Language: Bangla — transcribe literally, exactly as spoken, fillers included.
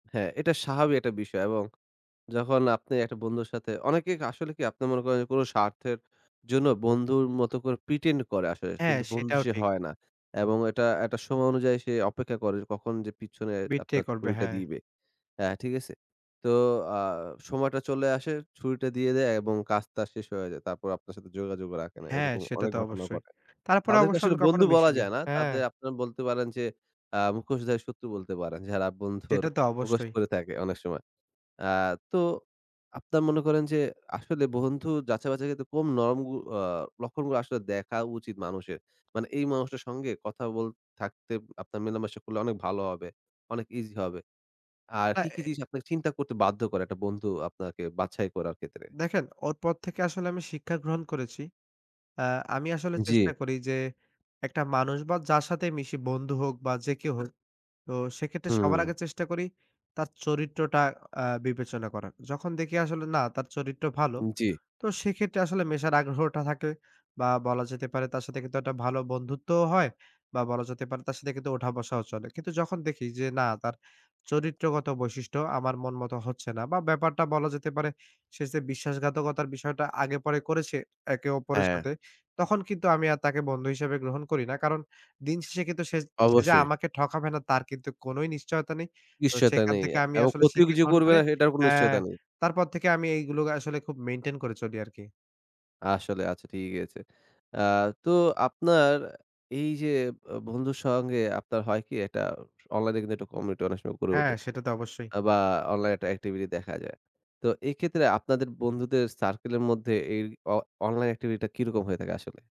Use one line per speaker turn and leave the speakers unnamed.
হ্যাঁ এটা স্বাভাবিক একটা বিষয় এবং যখন আপনি একটা বন্ধুর সাথে, অনেকে ক আসলে কি আপনার মনে করেন, কোন স্বার্থের জন্য বন্ধুর মতো করে pretend করে আসলে
হ্যাঁ
কিন্তু বন্ধু
সেটাও
সে
ঠিক।
হয় না এবং এটা একটা সময় অনুযায়ী সে অপেক্ষা করে কখন যে, পিছনে
betray
আপনার
করবে,
ছুরিটা
হ্যাঁ।
দিবে। অ্যা ঠিক আছে? তো আ সময়টা চলে আসে, ছুরিটা দিয়ে দেয় এবং কাজ তার শেষ হয়ে যায়। তারপর আপনার সাথে যোগাযোগ রাখে না।
হ্যাঁ,
এরকম
সেটা
অনেক
তো
ঘটনা
অবশ্যই।
ঘটে।
তারপরে
তাদেরকে
অবশ্য
আসলে
আমি কখনো
বন্ধু বলা
মিশনি।
যায় না।
হ্যাঁ।
তাদের আপনারা বলতে পারেন যে, অ্যা "মুখোশধারী শত্রু" বলতে পারেন। যারা বন্ধুর
সেটা তো
মুখোশ
অবশ্যই।
করে থাকে অনেক সময়। আ তো আপনার মনে করেন যে, আসলে বন্ধু যাচাই-বাছাই এর ক্ষেত্রে কোন নম আ লক্ষণগুলো আসলে দেখা উচিত মানুষের? মানে এই মানুষটার সঙ্গে কথা বল থাকতে আপনার মেলামেশা করলে অনেক ভালো হবে। অনেক ইজি হবে। আর
আ
কি, কি
এ
জিনিস আপনাকে চিন্তা করতে বাধ্য করে এক টা বন্ধু আপনাকে বাছাই করার ক্ষেত্রে?
দেখেন, ওর পর থেকে আসলে আমি শিক্ষা গ্রহণ করেছি। আ আমি আসলে চেষ্টা
জি।
করি যে, এক টা মানুষ বা যার সাথেই মিশি, বন্ধু হোক বা যে কেউ হোক তো সেক্ষেত্রে সবার
হুম।
আগে চেষ্টা করি, তার চরিত্রটা আ বিবেচনা করার। যখন দেখি আসলে, না তার চরিত্র ভালো।
জি।
তো সেক্ষেত্রে আসলে মেশার আগ্রহটা থাকে বা বলা যেতে পারে তার সাথে কিন্তু একটা ভালো বন্ধুত্বও হয় বা বলা যেতে পারে তার সাথে কিন্তু ওঠা-বসাও চলে। কিন্তু যখন দেখি যে, না তার চরিত্রগত বৈশিষ্ট্য আমার মন মতো হচ্ছে না বা ব্যাপারটা বলা যেতে পারে সে যে বিশ্বাসঘাতকতার বিষয়টা আগে পরে করেছে, একে অপরের
হ্যাঁ।
সাথে তখন কিন্তু আমি আর তাকে বন্ধু হিসেবে গ্রহণ করি না। কারণ দিন শেষে কিন্তু সে সে যে
অবশ্যই।
আমাকে ঠকাবে না তার কিন্তু কোনই নিশ্চয়তা নেই। তো
নিশ্চয়তা
সেখান
নেই
থেকে আমি
এবং
আসলে
ক্ষতিও কি
শিক্ষা
যে
গ্রহণ
করবে
করে
না সেটার কোনো
অ্যা
নিশ্চয়তা নেই।
তারপর থেকে আমি এইগুলো আসলে খুব মেইনটেইন করে চলি আর কি।
আসলে, আচ্ছা ঠিক আছে। আ তো আপনার এই যে আ বন্ধুর সঙ্গে আপনার হয় কি এক টা অনলাইনে কিন্তু এক টা কমিউনিটি অনেক সময় গড়ে
হ্যাঁ
ওঠে।
সেটা তো অবশ্যই।
আ বা অনলাইন একটা এক্টিভিটি দেখা যায়। তো এক্ষেত্রে আপনাদের বন্ধুদের সার্কেল এর মধ্যে এই অ অনলাইন এক্টিভিটিটা কি রকম হয়ে থাকে আসলে?